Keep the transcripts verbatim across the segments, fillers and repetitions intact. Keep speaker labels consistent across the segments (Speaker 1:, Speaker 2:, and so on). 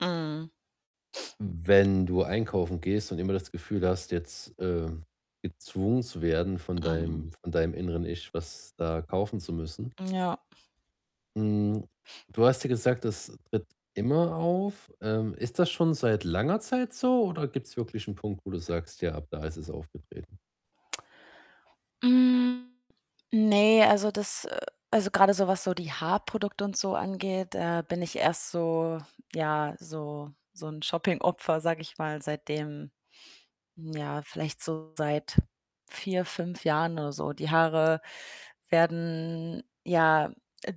Speaker 1: Mhm.
Speaker 2: Hm, wenn du einkaufen gehst und immer das Gefühl hast, jetzt, ähm, gezwungen zu werden von
Speaker 1: Mhm.
Speaker 2: deinem von deinem inneren Ich, was da kaufen zu müssen.
Speaker 1: Ja.
Speaker 2: Hm, du
Speaker 1: Ja.
Speaker 2: hast ja gesagt, das tritt immer auf. Ähm, ist das schon seit langer Zeit so, oder gibt's wirklich 'n Punkt, wo du sagst: „Ja, ab da ist es aufgetreten?“
Speaker 1: Hm, ne, also, das, äh also, grade so was so die Haarprodukte und so angeht, da bin ich erst so ja, so so 'n Shoppingopfer, sage ich mal, seitdem, ja, vielleicht so seit vier, fünf Jahren oder so. Die Haare werden, ja,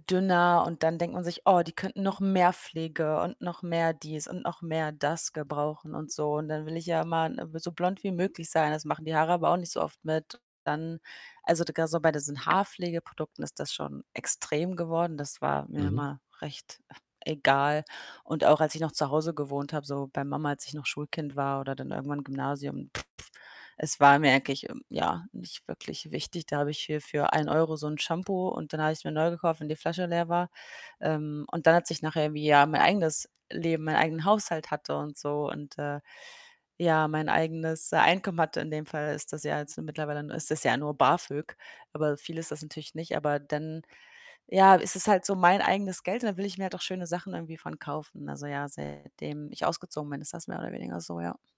Speaker 1: dünner und dann denkt man sich: „Oh, die könnten noch mehr Pflege und noch mehr dies und noch mehr das gebrauchen und so“, und dann will ich ja immer n äh, so blond wie möglich sein. Das machen die Haare aber auch nicht so oft mit. Dann, also, d grad so bei diesen Haarpflegeprodukten ist das schon extrem geworden. Das war mir
Speaker 2: Mhm.
Speaker 1: immer recht egal und auch als ich noch zu Hause gewohnt habe, so bei Mama, als ich noch Schulkind war oder dann irgendwann Gymnasium es war mir eigentlich, ähm, ja, nicht wirklich wichtig. Da habe ich hier für einen Euro so 'n Shampoo und den habe ich's mir neu gekauft, wenn die Flasche leer war. Ähm, und dann als ich nachher irgendwie, ja, mein eigenes Leben, meinen eigenen Haushalt hatte und so und, äh, ja, mein eigenes, äh, Einkommen hatte. In dem Fall ist das ja jetzt mittlerweile n ist das ja nur BAföG, aber viel ist das natürlich nicht. Aber dann, ja, ist es halt so mein eigenes Geld und dann will ich mir halt auch schöne Sachen irgendwie von kaufen. Also, ja, seitdem ich ausgezogen bin, ist das mehr oder weniger so, ja.